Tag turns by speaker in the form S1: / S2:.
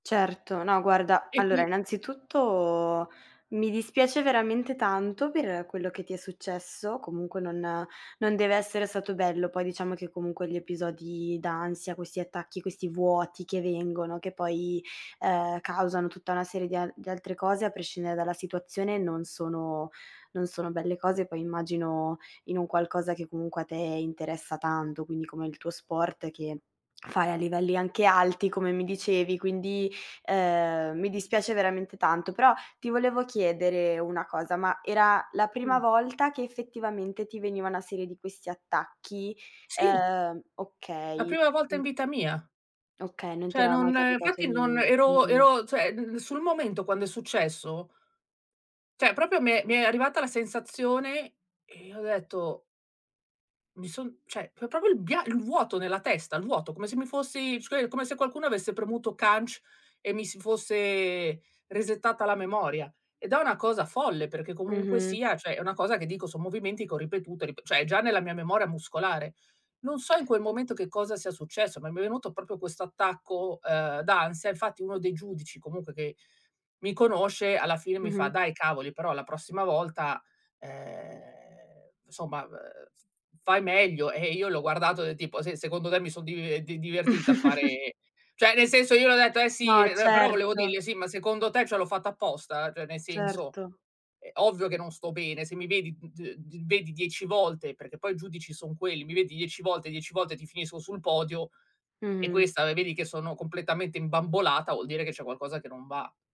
S1: Certo, no guarda,
S2: E
S1: allora
S2: qui
S1: innanzitutto mi dispiace veramente tanto per quello che ti è successo, comunque non non deve essere stato bello, poi diciamo che comunque gli episodi d'ansia, questi attacchi, questi vuoti che vengono, che poi, ehm, causano tutta una serie di a di altre cose, a prescindere dalla situazione, non sono non sono belle cose. Poi immagino in un qualcosa che comunque a te interessa tanto, quindi come il tuo sport che fare a livelli anche alti, come mi dicevi, quindi, ehm, mi dispiace veramente tanto. Però ti volevo chiedere una cosa: ma era la prima
S2: Mh.
S1: volta che effettivamente ti veniva una serie di questi attacchi?
S2: Sì.
S1: Ehm
S2: La
S1: okay,
S2: prima volta
S1: mhmm
S2: in vita mia.
S1: Okay, non ti
S2: Cioè
S1: era mai
S2: non
S1: capitato
S2: infatti non
S1: nie
S2: ero
S1: mh-mh.
S2: ero cioè l sul momento quando è successo cioè proprio mi è mi è arrivata la sensazione e ho detto mi son cioè, pro proprio il bia il vuoto nella testa. Il vuoto, come se mi fossi scui come se qualcuno avesse premuto CANC e mi si fosse resettata la memoria. Ed è una cosa folle perché comunque
S1: Mh-mh.
S2: sia, cioè, è una cosa che dico, son movimenti che ho ripetuto e rip cioè è già nella mia memoria muscolare. Non so in quel momento che cosa sia successo, ma mi è venuto proprio questo attacco, ehm, d'ansia, infatti uno dei giudici comunque che mi conosce alla fine mi fa:
S1: Mh-mh.
S2: "Dai cavoli, però la prossima volta, ehm, somma, ehm, f-fai meglio". E io l'ho guardato del tipo: "Sì, secondo te mi son dive di divertita a fare" cioè, nel senso, io le ho detto: "Eh sì",
S1: No,
S2: ehm, però volevo
S1: certo.
S2: dirgli "Sì, ma secondo te cioè l'ho fatto apposta?" Cioè nel senso,
S1: Certo.
S2: ehm, ovvio che non sto bene, se mi vedi d d vedi 10 volte, perché poi i giudici son quelli, mi vedi dieci volte, dieci volte ti finisco sul podio e
S1: Mh.
S2: questa vedi che sono completamente imbambolata, vuol dire che c'è qualcosa che non va.